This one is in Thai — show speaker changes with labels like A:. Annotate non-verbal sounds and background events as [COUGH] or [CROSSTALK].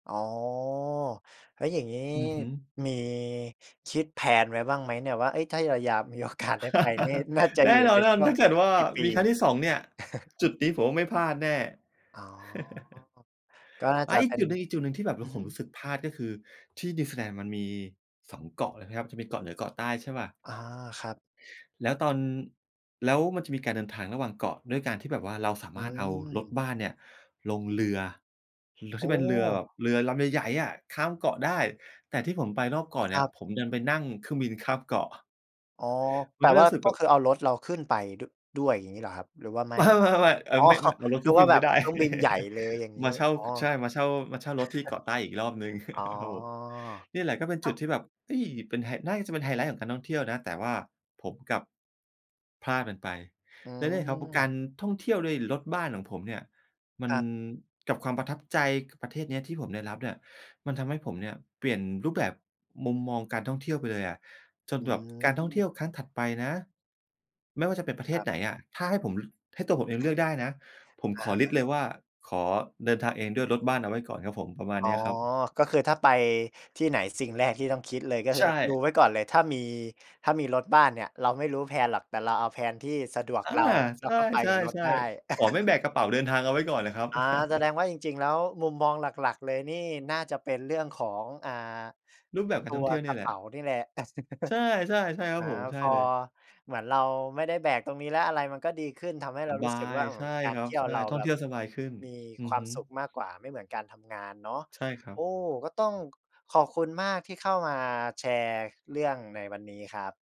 A: อ๋อ แล้วอย่างงี้
B: อือฮึ
A: มีคิด แพลน ไว้บ้างไหมเนี่ย ว่า เฮ้ย ถ้าเรายาม มีโอกาสได้ไปนี่
B: [CHUCKLES]
A: น่าจะ
B: แน
A: อยู
B: ่
A: ่
B: นอ
A: ใน
B: นว่า
A: ช
B: มั
A: ่
B: น
A: วง
B: ถ้าเกิด
A: สั
B: ว
A: ก
B: ่า
A: กี่ปี?
B: มีครั้งที่ 2 เนี่ย
A: [CHUCKLES]
B: จุดนี้ผมว่าไม่พลาดแน่
A: อ๋อ
B: [CHUCKLES]
A: ก็น่า
B: อ
A: จ
B: า
A: ะ
B: อี
A: เ
B: ก
A: ป็
B: จ
A: น
B: ุดหนึ่ง ๆ ที่แบบ แ
A: อ
B: ล
A: ื
B: ้ว
A: อ
B: ผ
A: ฮึ
B: มรู้สึกพลาดก็คือ ที่นิวซีแลนด์มันมี 2 เกาะเลยนะครับ จะมีเกาะเหนือเกาะใต้ ใช่เปล่า?
A: อ๋อ ครับ
B: แล้วตอน แล้วมันจะมีการเดินทางระหว่างเกาะ ด้วยการที่แบบว่าเราสา
A: อ
B: ม
A: ื
B: ารถเอารถ
A: ม
B: บ้านเนี่ยลงเรือ เรือ
A: โอ
B: ที
A: ้!
B: ่เป็นเรือแบบเรือลำใหญ่ ๆ อะ ข้ามเกาะได้ แต่ที่ผมไปนอกเกาะเ
A: ค
B: นี
A: ร
B: ่ย
A: ั
B: ผ
A: บ
B: มดันไปนั่งเครื่องบินข้ามเกาะ
A: อ๋อ
B: ม
A: แต
B: ัน
A: ่
B: ก็เล
A: ว
B: ย
A: ่า
B: รู้สึก
A: ก
B: แ
A: ็
B: บบ
A: คือเอารถเราขึ้นไป ด ด้วย อย่างงี้เหรอครับหรือว่าไม่?
B: ไม่ ๆ ๆ อา
A: อ๋อ
B: ไม่ ม เอารถ
A: น
B: ข
A: ึ
B: ึ้
A: ก
B: น
A: ว
B: บ
A: ่
B: ิ
A: า
B: น
A: แบ
B: ไม่
A: บ
B: ได้
A: เครื่องบินใหญ่
B: [CHUCKLES]
A: เลย อย่างงี
B: ม
A: ้
B: าเช่า
A: อ๋อ
B: ใช
A: [CHUCKLES]
B: ่ มาเช่า มาเช่ารถที่เกาะใต้อีกรอบหนึ่ง
A: อ๋อ
B: [CHUCKLES] ครับผม นี่แหละก็เป็น
A: อ
B: จ
A: ้
B: ุ
A: า
B: ด
A: ว!
B: ที่แบบ เฮ้ย เป็นไฮ น่าจะเป็นไฮไลต์ของการท่องเที่ยวนะ แต่ว่าผมกลับ พลาดมันไป
A: อื
B: และเนี่ยครับ เพราะกา
A: ม
B: รท่องเที่ยวด้วยรถบ้านของผมเนี่ยมั
A: ค
B: น
A: รับ
B: กับความประทับใจ ก ประเทศนี้ที่ผมได้รับเนี่ย มันทำให้ผมเนี่ยเปลี่ยนรูปแบบมุมมองการท่องเที่ยวไปเลยอะ จ
A: อ
B: น
A: ื
B: แบบ การท่องเที
A: ม
B: ่ยวครั้งถัดไปนะ ไม่ว่าจะเป็นประเท
A: คร
B: ศ
A: ับ
B: ไหนอะ ถ้าให้ผม ให้ตัวผมเองเลือกได้นะ ผม
A: อ
B: ข
A: ะ
B: อ
A: ฮ
B: ลิสต
A: ะ
B: ์เลยว่าขอเดินทางเองด้วยรถบ้านเอาไว้ก่อนครับผม ประมา
A: อ
B: ณ
A: ๋อ
B: เนี้ยครับ
A: ก็คือถ้าไปที่ไหน สิ่งแรกที่ต้องคิดเลย ก็ค
B: ใช
A: ือดู
B: ่
A: ไว้ก่อนเลยถ้ามี ถ้ามีรถบ้านเนี่ยเราไม่รู้ แพลน หรอก แต่เราเอา แพลน ที่สะดวก
B: อา
A: เรา แล้
B: ใ
A: ว
B: ช
A: ก็ไปกับรถ
B: ่
A: ได้
B: ๆ ๆ ขอไม่แบ
A: [CHUCKLES]
B: กกระเป๋าเดินทางเอาไว้ ก่อนน่ะครับ
A: อา แสด
B: [CHUCKLES]
A: งว่าจริง ๆ แล้วมุมมองหลัก ๆ เลยนี่น่าจะเป็นเรื่องของ อ่า
B: รูปแบบก
A: ต
B: าร
A: ั
B: ท่
A: ว
B: องเที่ยว
A: ก
B: นี่
A: ระ
B: แห
A: เ
B: ล
A: ป
B: ะ
A: ๋านี่แหละ [CHUCKLES]
B: ใช่ ๆ ใช่ครั
A: อ
B: บ
A: า
B: ผม ใช่
A: พอ
B: เลย
A: เหมือนเราไม่ได้แบกตรงนี้แล้วอะไรมันก็ดีขึ้น ทำให้เ
B: ส
A: รา
B: บ
A: รู้
B: า
A: สึกว
B: ย
A: ่า อื
B: ใช
A: ม
B: ่
A: กา
B: ค
A: ร
B: ร
A: เ
B: ั
A: ท
B: บ
A: ี่ย
B: ใ
A: ว
B: ช่
A: เรา
B: ท่อ
A: แ
B: ง
A: บ
B: เท
A: บ
B: ี่ยวสบายขึ้น
A: มี
B: อื
A: ค
B: อ
A: วา
B: ฮ
A: ม
B: ึ
A: สุขมากกว่า ไม่เหมือนการทำงานเนาะ
B: ใช่ครั
A: โอ้
B: บ
A: ก็ต้องขอบคุณมากที่เข้ามาแชร์ ค เรื่องในวันนี้ครับ